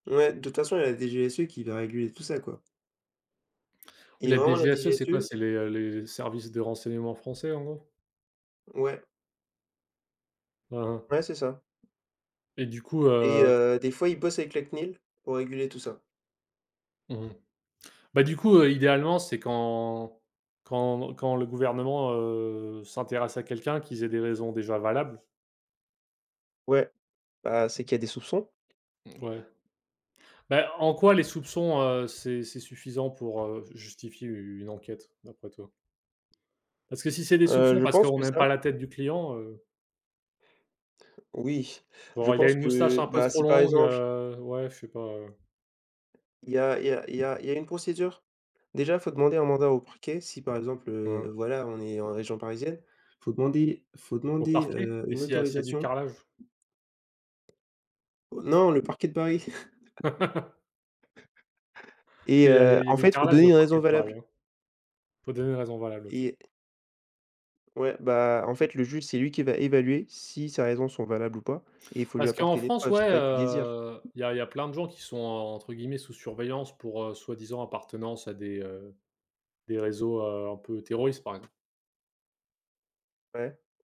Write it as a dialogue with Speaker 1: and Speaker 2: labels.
Speaker 1: Ouais, de toute façon, il y a la DGSE qui va réguler tout ça, quoi.
Speaker 2: Oui
Speaker 1: Et
Speaker 2: la
Speaker 1: vraiment la
Speaker 2: DGSE c'est quoi?
Speaker 1: DGSE
Speaker 2: C'est les les services de renseignement français, en gros?
Speaker 1: Ouais.
Speaker 2: Aha.
Speaker 1: Ouais, c'est ça.
Speaker 2: Et du coup,
Speaker 1: Et
Speaker 2: heu
Speaker 1: heu, des fois, ils bossent avec la CNIL, pour réguler tout ça.
Speaker 2: Mmh mh, bah, du coup, heu, idéalement, c'est quand quand quand le gouvernement, heu, s'intéresse à quelqu'un, qu'ils aient des raisons déjà valables.
Speaker 1: Ouais. Bah, c'est qu'il y a des soupçons.
Speaker 2: Mmh ouais. Bah, en quoi les soupçons, heu, c'est c'est suffisant pour, heu, ju justifier une enquête d'après toi? Parce que si c'est des
Speaker 1: Heu,
Speaker 2: soupçons
Speaker 1: je
Speaker 2: parce
Speaker 1: pense
Speaker 2: qu'on
Speaker 1: que
Speaker 2: n'aime
Speaker 1: ça
Speaker 2: pas la tête du client, heu
Speaker 1: Oui, je
Speaker 2: genre, il a
Speaker 1: pense
Speaker 2: une moustache
Speaker 1: que,
Speaker 2: un peu
Speaker 1: bah,
Speaker 2: trop
Speaker 1: si par
Speaker 2: longue,
Speaker 1: exemple
Speaker 2: heu, ouais, je suis pas
Speaker 1: il y a il y a il y a il y a une procédure. Déjà, faut demander un mandat au Parquet si, par exemple, heu,
Speaker 2: Mmh.
Speaker 1: voilà on est en région parisienne, faut demander faut
Speaker 2: Au
Speaker 1: demander,
Speaker 2: parquet?
Speaker 1: heu,
Speaker 2: Et
Speaker 1: une
Speaker 2: s'il y a s'il y a du
Speaker 1: autorisation.
Speaker 2: carrelage?
Speaker 1: Non, le Parquet de Paris.
Speaker 2: Parce
Speaker 1: Et
Speaker 2: qu'il y a
Speaker 1: heu,
Speaker 2: il y a
Speaker 1: en
Speaker 2: des
Speaker 1: fait, il faut
Speaker 2: carrelages
Speaker 1: donner
Speaker 2: au
Speaker 1: une raison
Speaker 2: Parquet de Paris,
Speaker 1: valable.
Speaker 2: hein. Faut donner une raison valable, OK.
Speaker 1: Et Ouais, bah, en fait, le juge, c'est lui qui va évaluer si ces raisons sont valables ou pas. Et il faut lui
Speaker 2: Parce qu'en
Speaker 1: apporter des
Speaker 2: France,
Speaker 1: preuves,
Speaker 2: ouais,
Speaker 1: c'est pas que des dires.
Speaker 2: heu, il y a il y a plein de gens qui sont, entre guillemets, «sous surveillance» pour, heu, soi-disant appartenance à des, heu, des réseaux, heu, un peu terroristes, par ex
Speaker 1: Ouais.